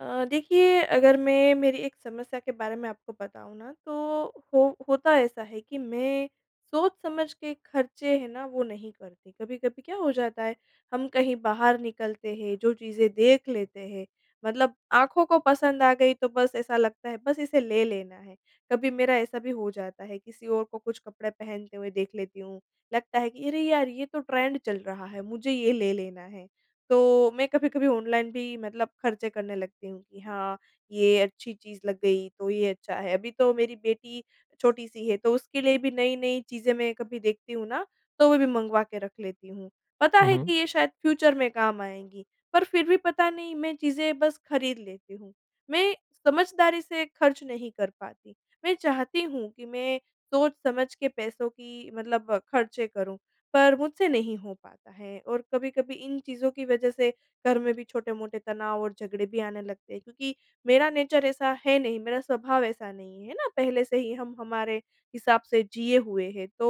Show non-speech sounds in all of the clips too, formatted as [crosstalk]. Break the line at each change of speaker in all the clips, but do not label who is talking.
अ, देखिए अगर मैं मेरी एक समस्या के बारे में आपको बताऊँ ना तो हो होता ऐसा है कि मैं सोच समझ के खर्चे हैं ना वो नहीं करती। कभी-कभी क्या हो जाता है हम कहीं बाहर निकलते हैं जो चीज़ें देख लेते हैं मतलब आँखों को पसंद आ गई तो बस ऐसा लगता है बस इसे ले लेना है। कभी मेरा ऐसा भी हो जाता है किसी और को कुछ कपड़े पहनते हुए देख लेती हूँ लगता है कि अरे यार, ये तो ट्रेंड चल रहा है, मुझे ये ले लेना है। तो मैं कभी-कभी ऑनलाइन भी मतलब खर्चे करने लगती हूँ कि हाँ, ये अच्छी चीज़ लग गई तो ये अच्छा है। अभी तो मेरी बेटी छोटी-सी है तो उसके लिए भी नई-नई चीज़ें मैं कभी देखती हूँ ना तो वो भी मँगवा के रख लेती हूँ। पता
हुँ,
है
हुँ।
कि ये शायद फ्यूचर में काम आएँगी पर फिर भी पता नहीं मैं चीज़ें बस खरीद लेती हूँ। मैं समझदारी से खर्च नहीं कर पाती। मैं चाहती हूँ कि मैं सोच समझ के पैसों की मतलब खर्चे करूँ, पर मुझसे नहीं हो पाता है। और कभी-कभी इन चीज़ों की वजह से घर में भी छोटे-मोटे तनाव और झगड़े भी आने लगते हैं। क्योंकि मेरा नेचर ऐसा है नहीं। मेरा स्वभाव ऐसा नहीं है ना। पहले से ही हम हमारे हिसाब से जिए हुए हैं तो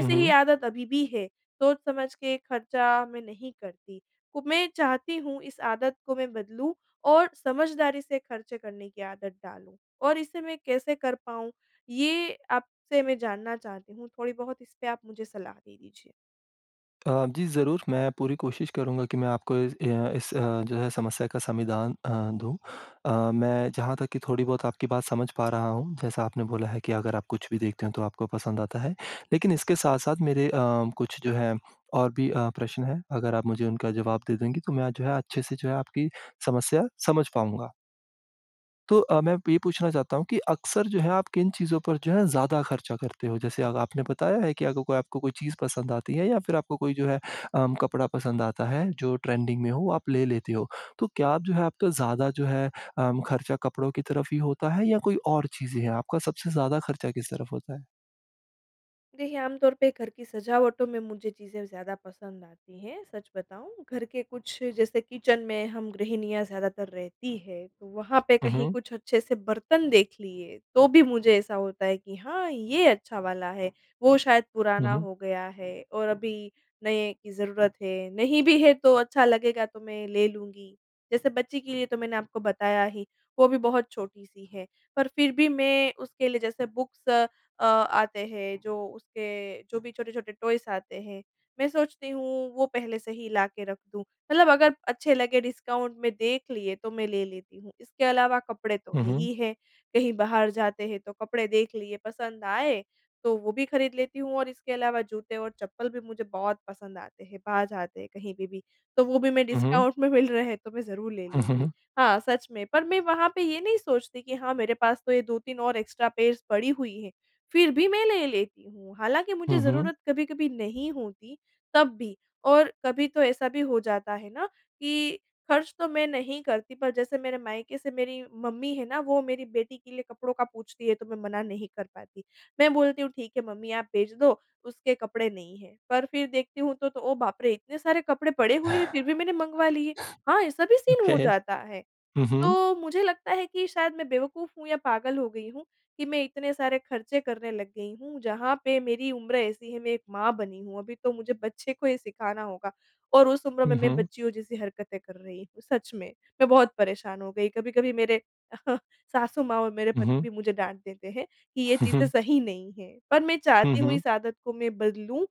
हुँ,
ही
हुँ।
आदत अभी भी है। सोच समझ के खर्चा मैं नहीं करती। कु मैं चाहती हूँ इस आदत को मैं बदलूँ और समझदारी से खर्चे करने की आदत डालूँ। और इसे मैं कैसे कर पाऊँ, ये आपसे मैं जानना चाहती हूँ। थोड़ी बहुत इसपे आप मुझे सलाह दे दीजिए।
अ, जी, ज़रूर। मैं पूरी कोशिश करूँगा कि मैं आपको इस अ, इस अ, जो है समस्या का समाधान अ, दूँ। अ, मैं जहाँ तक की थोड़ी बहुत आपकी बात समझ पा रहा हूँ जैसा आपने बोला है कि अगर आप कुछ भी देखते हो तो आपको पसंद आता है। लेकिन इसके साथ-साथ मेरे अ, कुछ जो है और भी अ, प्रश्न हैं अगर आप मुझे उनका जवाब दे देंगी तो मैं जो है अच्छे-से जो है आपकी समस्या समझ पाऊँगा। तो अ, मैं अ, ये पूछना चाहता हूँ कि अक्सर जो है आप किन चीज़ों पर जो है ज़्यादा ख़र्चा करते हो? जैसे, अब आपने बताया है कि अगर कोई आपको कोई चीज़ पसंद आती है या फ़िर आपको कोई जो है अ, कपड़ा पसंद आता है जो ट्रेंडिंग में हो आप ले लेते हो। तो क्या आप जो है आप ज़्यादा जो है अ, ख़र्चा कपड़ों की तरफ़ ही होता है या कोई और चीज़ें हैं? आपका सबसे ज़्यादा ख़र्चा किस तरफ़ होता है?
देखिए, आमतौर पे घर की सजावटों में मुझे चीज़ें ज़्यादा पसंद आती हैं। सच बताऊँ घर के कुछ जैसे किचन में हम गृहिणियाँ ज़्यादातर रहती है तो वहाँ पे
हुँ,
कहीं
हुँ।
कुछ अच्छे से बर्तन देख लिए तो भी मुझे ऐसा होता है कि हाँ ये अच्छा वाला है। वो शायद
हुँ,
पुराना
हुँ।
हो गया है और अभी नए की ज़रूरत है। नहीं भी है तो अच्छा लगेगा तो मैं ले लूँगी। जैसे बच्ची के लिए तो मैंने आपको बताया ही वो भी बहुत छोटी-सी है पर फ़िर भी मैं उसके लिए जैसे बुक्स अ, आते हैं जो उसके जो भी छोटे-छोटे टॉयस आते हैं मैं सोचती हूँ वो पहले से ही ला के रख दूँ मतलब अगर अच्छे लगे डिस्काउंट में देख लिए तो मैं ले लेती हूँ। इसके अलावा कपड़े तो
हुँ,
है
हुँ।
ही है। कहीं बाहर जाते हैं तो कपड़े देख लिए पसंद आए तो वो भी ख़रीद लेती हूँ और इसके अलावा जूते और चप्पल भी मुझे बहुत पसंद आते हैं बाहर जाते हैं कहीं पे भी। तो वो भी मैं
हुँ, हुँ।
डिस्काउंट में मिल रहे हैं तो मैं ज़रूर ले
हुँ, हुँ,
लूँगी।
हुँ।
हाँ, सच में, पर मैं वहाँ पे ये नहीं सोचती कि हाँ मेरे पास तो ये 2-3 और एक्स्ट्रा पेयर्स पड़ी हुई है। फ़िर भी मैं ले लेती हूँ हालाँकि मुझे
हुँ, हुँ।
ज़रूरत कभी-कभी नहीं होती तब भी। और कभी तो ऐसा भी हो जाता है ना कि ख़र्च तो मैं नहीं करती पर जैसे मेरे मायके से मेरी मम्मी है ना वो मेरी बेटी के लिए कपड़ों का पूछती है तो मैं मना नहीं कर पाती। मैं बोलती हूँ ठीक है मम्मी आप भेज दो उसके कपड़े नहीं हैं पर फ़िर देखती हूँ तो तो, ओह बाप रे, इतने सारे कपड़े पड़े हुए हैं फ़िर भी मैंने मंगवा लिए। हाँ, ऐसा भी सीन
ओके।
हो जाता है।
हुँ, हुँ।
तो मुझे लगता है कि शायद मैं बेवकूफ़ हूँ या पागल हो गई हूँ कि मैं इतने सारे ख़र्चे करने लग गई हूँ। जहाँ पे मेरी उम्र ऐसी है मैं एक माँ बनी हूँ अभी तो मुझे बच्चे को ये सिखाना होगा और उस उम्र में
हुँ,
मैं
हुँ।
बच्चियों जैसी हरकतें कर रही हूँ। सच में मैं बहुत परेशान हो गई। कभी-कभी मेरे [chuckles] सासु माँ और मेरे
हुँ,
पति
हुँ।
भी मुझे डाँट देते हैं कि ये
हुँ,
चीज़ें
हुँ।
सही नहीं है। पर मैं
हुँ,
चाहती हूँ
हुँ।
इस आदत को मैं बदलूँ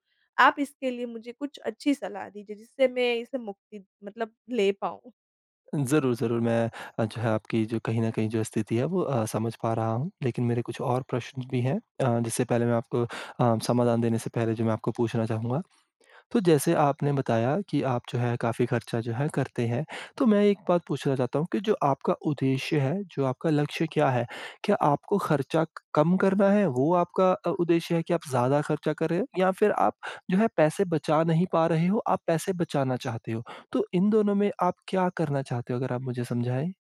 आप इसके लिए मुझे कुछ अच्छी सलाह दीजिए जिससे मैं इसे मुक्ति मतलब ले पाऊँ।
ज़रूर, ज़रूर। मैं अच्छा आपकी जो कहीं न कहीं जो स्थिति है वो अ, समझ पा रहा हूँ। लेकिन मेरे कुछ और प्रश्न भी है, अ, जिससे पहले मैं आपको अ, समाधान देने से पहले जो मैं आपको पूछना चाहूँगा। तो जैसे आपने बताया कि आप जो है काफ़ी ख़र्चा जो है करते हैं। तो मैं एक बात पूछना चाहता हूँ कि जो आपका उद्देश्य है, जो आपका लक्ष्य क्या है? क्या आपको ख़र्चा कम करना है वो आपका अ, उद्देश्य है कि आप ज़्यादा ख़र्चा कर रहे हो? या फिर आप जो है अ, पैसे बचा नहीं पा रहे हो, आप पैसे बचाना चाहते हो? तो इन दोनों में आप क्या करना चाहते हो अगर आप मुझे समझाएँ?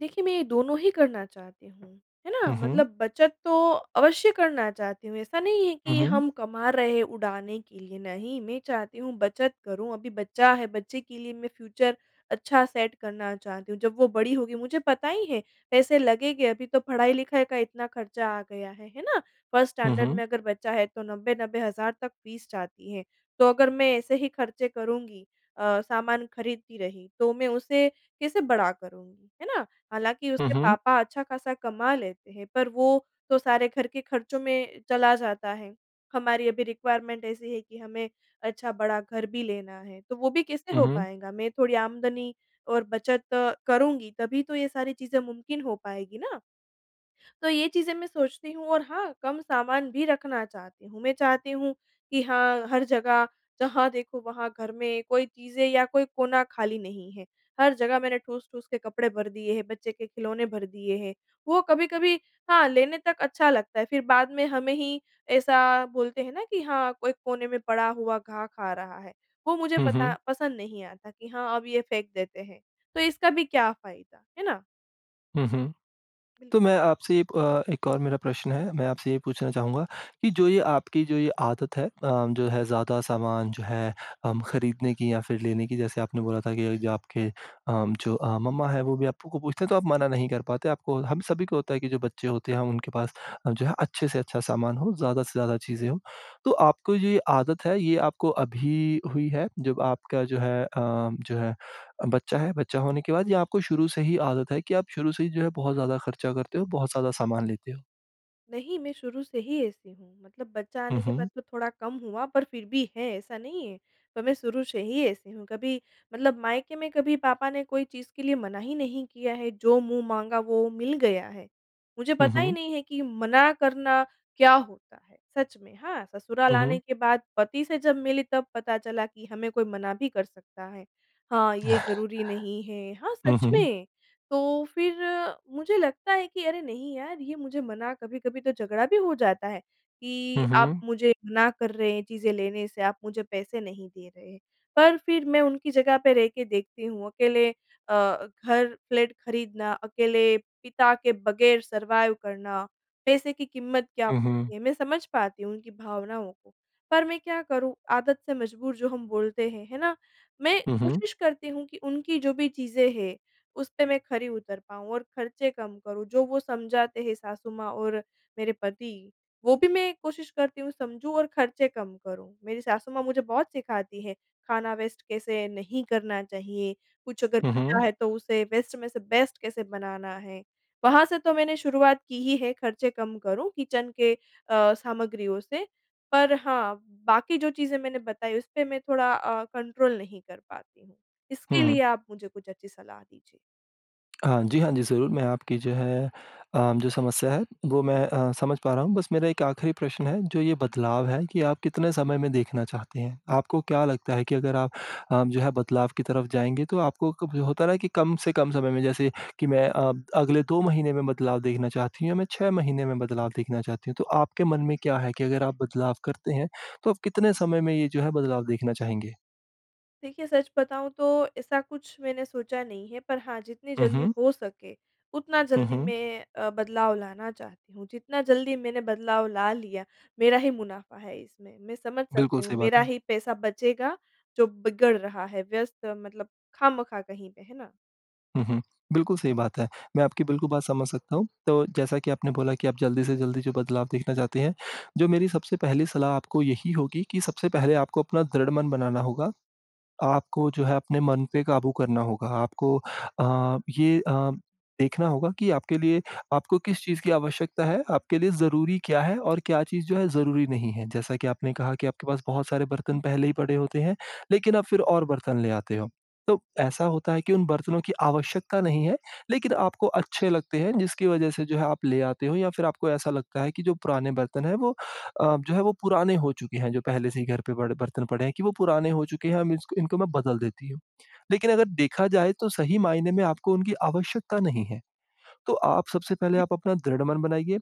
देखिए मैं ये दोनों ही करना चाहती हूँ। है ना,
हुँ, हुँ।
मतलब बचत तो अवश्य करना चाहती हूँ। ऐसा नहीं है
हुँ,
कि
हुँ।
हम कमा रहे हैं उड़ाने के लिए। नहीं, मैं चाहती हूँ बचत करूँ। अभी बच्चा है, बच्चे के लिए मैं फ्यूचर अच्छा सेट करना चाहती हूँ। जब वो बड़ी होगी मुझे पता ही है पैसे लगेंगे। अभी तो पढ़ाई-लिखाई का इतना ख़र्चा आ गया है, है ना। फर्स्ट
हुँ,
स्टैंडर्ड में
हुँ।
अगर बच्चा है तो 90-90,000 तक फ़ीस जाती है। तो अगर मैं ऐसे ही ख़र्चे करुँगी अ, सामान खरीदती रही तो मैं उसे कैसे बड़ा करूँगी, है ना। हालाँकि
हुँ,
उसके
हुँ।
पापा अच्छा-खासा कमा लेते हैं पर वो तो सारे घर के ख़र्चों में चला जाता है। हमारी अभी रेक्विरमेंट ऐसी है कि हमें अच्छा बड़ा घर भी लेना है। तो वो भी कैसे
हुँ,
हो
हुँ।
पाएगा? मैं थोड़ी आमदनी और बचत अ, करुँगी तभी तो ये सारी चीज़ें मुमकिन हो पाएगी ना। तो ये चीज़ें मैं सोचती हूँ। और हाँ, कम सामान भी रखना चाहती हूँ। मैं चाहती हूँ कि हाँ, हर जगह जहाँ देखो वहाँ घर में कोई चीज़ें या कोई कोना खाली नहीं है। हर जगह मैंने ठूस-ठूस के कपड़े भर दिए हैं, बच्चे के खिलौने भर दिए हैं। वो कभी-कभी हाँ, लेने तक अच्छा लगता है फिर बाद में हमें ही ऐसा बोलते हैं ना कि हाँ, कोई कोने में पड़ा हुआ घा खा रहा है। वो मुझे
हुँ,
पता
हुँ।
पसंद नहीं आता कि हाँ, अब ये फेंक देते हैं। तो इसका भी क्या फ़ायदा, है ना।
हुँ, हुँ,
बिल
तो मैं आपसे ये प एक और मेरा प्रश्न है मैं आपसे ये पूछना चाहूँगा कि जो ये आपकी जो ये आदत है अ, जो है ज़्यादा सामान, जो है हम खरीदने की या फिर लेने की जैसे आपने बोला था अभी कि जो आपके अम, जो अ, मम्मा है वो भी आपको पूछते हैं, तो आप मना नहीं कर पाते आपको हम सभी को होता है कि जो बच्चे होते हैं उनके पास अ, जो है अच्छे से अच्छा सामान हो, ज़्यादा से ज़्यादा चीज़ें हो। तो आपको ये आदत है ये आपको अभी हुई है, जब आपका जो है अ, जो है बच्चा है, बच्चा होने के बाद या आपको शुरू से ही आदत है कि आप शुरू से ही जो है बहुत ज़्यादा खर्चा करते हो, बहुत ज़्यादा सामान लेते हो?
नहीं मैं शुरू से ही ऐसी हूँ, मतलब बच्चा
हुँ,
आने के बाद
हुँ।
तो थोड़ा कम हुआ पर फिर भी है ऐसा नहीं है। तो मैं शुरू से ही ऐसी हूँ, कभी मतलब मायके में कभी पापा ने कोई चीज़ के लिए मना ही नहीं किया है, जो मुँह माँगा वो मिल गया है। मुझे
हुँ,
पता ही
हुँ।
नहीं है कि मना करना क्या होता है? सच में। हाँ, ससुराल
हुँ,
आने
हुँ।
के बाद पति से जब मिली, तब पता चला कि हमें कोई मना भी कर सकता है। हाँ, ये ज़रूरी नहीं है,
[chuckles]
हाँ
हुँ,
सच
हुँ।
में तो फिर मुझे लगता है कि अरे, नहीं यार ये मुझे मना कभी-कभी तो झगड़ा भी हो जाता है कि
हुँ,
आप
हुँ।
मुझे मना कर रहे हैं चीज़ें लेने से, आप मुझे पैसे नहीं दे रहे हैं। पर फिर मैं उनकी जगह पे रह के देखती हूँ, अकेले अ, घर फ्लैट ख़रीदना, अकेले पिता के बग़ैर सरवाइव करना। पैसे की कीमत क्या
हुँ, हुँ।
होती है? मैं समझ पाती हूँ उनकी भावनाओं को, पर मैं क्या करूँ आदत से मजबूर जो हम बोलते हैं। है ना? मैं
हुँ, हुँ।
कोशिश करती हूँ कि उनकी जो भी चीज़ें हैं, उस पे मैं खरी उतर पाऊँ और खर्चे कम करूँ। जो वो समझाते हैं सासु माँ और मेरे पति, वो भी मैं कोशिश करती हूँ समझूँ और खर्चे कम करूँ, मेरी सासु माँ मुझे बहुत सिखाती है, खाना वेस्ट कैसे नहीं करना चाहिए? कुछ अगर
हुँ,
बचा
हुँ।
है, तो उसे वेस्ट में से बेस्ट कैसे बनाना है। वहाँ से तो मैंने शुरुआत की ही है खर्चे कम करूँ, किचन के अ, सामग्रियों से, पर हाँ बाकी जो चीज़ें मैंने बताई उस पे मैं थोड़ा अ, कंट्रोल नहीं कर पाती हूँ। इसके
हुँ,
लिए
हुँ।
आप मुझे कुछ अच्छी सलाह दीजिए।
हाँ जी, हाँ जी, ज़रूर मैं आपकी जो है अ, जो समस्या है वो मैं अ, समझ पा रहा हूँ बस मेरा एक आखिरी प्रश्न है, जो ये बदलाव है ये आप कितने समय में देखना चाहते हैं? आपको क्या लगता है कि अगर आप अ, जो है बदलाव की तरफ जाएँगे, तो आपको कब होता है ना कि कम से कम समय में जैसे कि मैं अ, अगले 2 महीने में बदलाव देखना चाहती हूँ या मैं 6 महीने में बदलाव देखना चाहती हूँ। तो आपके मन में क्या है कि अगर आप बदलाव करते हैं, तो आप कितने समय में ये जो है बदलाव देखना चाहेंगे?
देखिए, सच बताऊँ तो, ऐसा कुछ मैंने सोचा नहीं है, पर हाँ जितनी
हुँ,
जल्दी
हुँ।
हो सके, उतना
हुँ,
जल्दी
हुँ।
मैं अ, बदलाव लाना चाहती हूँ, जितना जल्दी मैंने बदलाव ला लिया, मेरा ही मुनाफा है इसमें। मैं समझ सकती
बिल्कुल
हूँ,
सही बात
मेरा
है।
ही पैसा बचेगा जो बिगड़ रहा है व्यस्त मतलब खामखा कहीं पे है ना?
हुँ, हुँ। बिल्कुल सही बात है। मैं आपकी बिल्कुल बात समझ सकता हूँ, तो जैसा कि आपने बोला कि आप जल्दी से जल्दी जो बदलाव देखना चाहते हैं, जो मेरी सबसे पहली सलाह आपको यही होगी कि सबसे पहले आपको अपना दृढ़ मन बनाना होगा। आपको जो है, अपने मन पे क़ाबू करना होगा। आपको अ, ये अ, देखना होगा कि आपके लिए आपको किस चीज़ की आवश्यकता है, आपके लिए ज़रूरी क्या है? और क्या चीज़ जो है ज़रूरी नहीं है, जैसा कि आपने कहा कि आपके पास बहुत सारे बर्तन पहले ही पड़े होते हैं, लेकिन आप फिर और बर्तन ले आते हो, तो ऐसा होता है कि उन बर्तनों की आवश्यकता नहीं है, लेकिन आपको अच्छे लगते हैं, जिसकी वजह से जो है आप ले आते हो या फिर आपको ऐसा लगता है कि जो पुराने बर्तन हैं वो अ, जो है वो पुराने हो चुके हैं, जो पहले से ही घर पे पड़ बर्तन पड़े हैं कि वो पुराने हो चुके हैं, हम इस इनको मैं बदल देती हूँ। लेकिन अगर देखा जाए तो सही मायने में आपको उनकी आवश्यकता नहीं है, तो आप सबसे पहले आप अपना दृढ़मन बनाइए,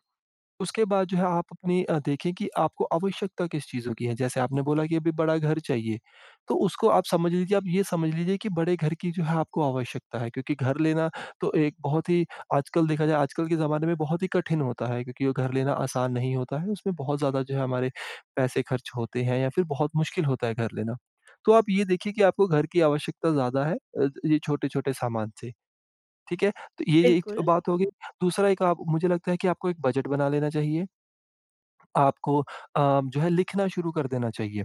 उसके बाद जो है आप अपनी देखें कि आपको आवश्यकता किस चीज़ों की है? जैसे आपने बोला कि अभी बड़ा घर चाहिए, तो उसको आप समझ लीजिए आप ये समझ लीजिए कि बड़े घर की जो है आपको आवश्यकता है क्योंकि घर लेना तो एक बहुत ही आजकल देखा जाए, आजकल के ज़माने में बहुत ही कठिन होता है क्योंकि वो घर लेना आसान नहीं होता है, उसमें बहुत ज़्यादा जो है हमारे पैसे खर्च होते हैं या फिर बहुत मुश्किल होता है घर लेना, तो आप ये देखिए कि आपको घर की आवश्यकता ज़्यादा है अ, ये छोटे-छोटे सामान से, ठीक है? तो ये ये एक
बिल्कुल।
बात होगी। दूसरा एक आप मुझे लगता है कि आपको एक बजट बना लेना चाहिए, आपको अ, जो है लिखना शुरू कर देना चाहिए।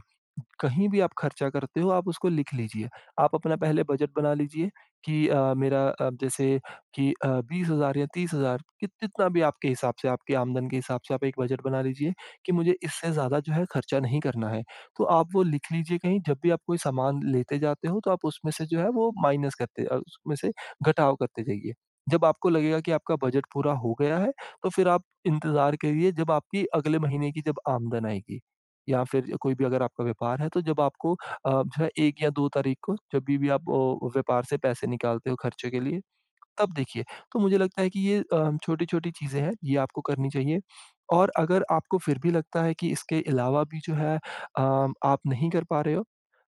कहीं भी आप खर्चा करते हो, आप उसको लिख लीजिए। आप अपना पहले बजट बना लीजिए कि अ, मेरा अब जैसे कि अ, 20,000 या 30,000 कि कितना भी आपके हिसाब से, आपके आमदन के हिसाब से, आप एक बजट बना लीजिए कि मुझे, इससे ज़्यादा जो है खर्चा नहीं करना है। तो आप वो लिख लीजिए कहीं जब भी आप कोई सामान लेते जाते हो, तो आप उसमें से जो है वो माइनस करते उसमें से घटाव करते जाइए, जब आपको लगेगा कि आपका बजट पूरा हो गया है तो फिर आप इंतज़ार करिए, जब आपकी अगले महीने की जब आमदन आएगी या फिर कोई भी अगर आपका व्यापार है तो जब आपको अ, जो है 1 या 2 तारीख को जब भी भी आप अ, व्यापार से पैसे निकालते हो खर्चे के लिए तब देखिए। तो मुझे लगता है कि ये अ, हम छोटी-छोटी चीज़ें हैं, ये आपको करनी चाहिए और अगर आपको फिर भी लगता है कि इसके अलावा भी जो है अम, आप नहीं कर पा रहे हो,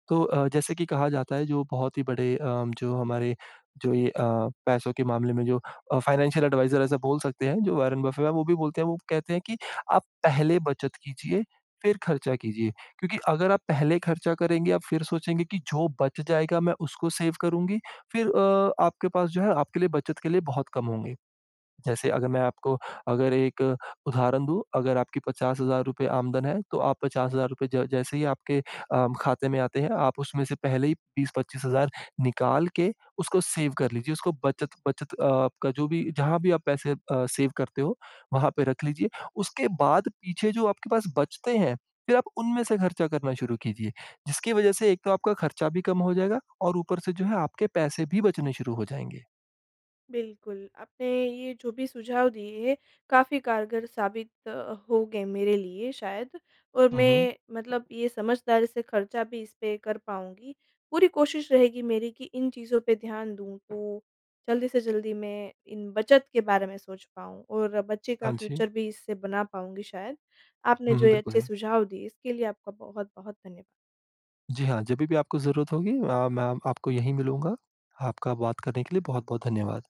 तो अ, जैसे कि कहा जाता है जो बहुत ही बड़े अम, जो हमारे जो ये अ, पैसों के मामले में जो अ, फ़ाइनेंशियल एडवाइज़र ऐसा बोल सकते हैं जो वॉरेन बफ़ेट है वो भी बोलते हैं वो कहते हैं कि आप पहले बचत कीजिए फिर ख़र्चा कीजिए क्योंकि अगर आप पहले ख़र्चा करेंगे, आप फिर सोचेंगे कि जो बच जाएगा मैं उसको सेव करुँगी फिर अ, आपके पास जो है आपके लिए बचत के लिए बहुत कम होंगे। जैसे अगर मैं आपको अगर एक उदाहरण दूँ, अगर आपके ₹50,000 आमदन है, तो आप ₹50,000 ज जैसे ही आपके अ, खाते में आते हैं आप उसमें से पहले ही 20-25,000 निकाल के उसको सेव कर लीजिए उसको बचत बचत आपका जो भी, जहाँ भी आप पैसे अ, सेव करते हो, वहाँ पे रख लीजिए, उसके बाद पीछे जो आपके पास बचते हैं फिर आप उनमें से खर्चा करना शुरू कीजिए, जिसकी वजह से एक तो आपका ख़र्चा भी कम हो जाएगा और ऊपर से जो है आपके पैसे भी बचने शुरू हो जाएँगे।
बिल्कुल आपने ये जो भी सुझाव दिए हैं, काफ़ी कारगर साबित अ, होंगे मेरे लिए शायद और
हुँ, हुँ।
मैं मतलब ये समझदारी से खर्चा भी इस पे कर पाऊँगी। पूरी कोशिश रहेगी मेरी कि इन चीज़ों पे ध्यान दूँ, तो जल्दी से जल्दी मैं इन बचत के बारे में सोच पाऊँ और बच्चे का
हाँ जी।
फ्यूचर भी इससे बना पाऊँगी शायद। आपने
हुँ,
जो
हुँ।
ये
बिल्कुल
अच्छे
है।
सुझाव दिए, इसके लिए आपका बहुत-बहुत धन्यवाद।
जी हाँ, जभी भी आपको ज़रूरत होगी अ, मैं आपको यही मिलूँगा। आपका बात करने के लिए बहुत-बहुत धन्यवाद।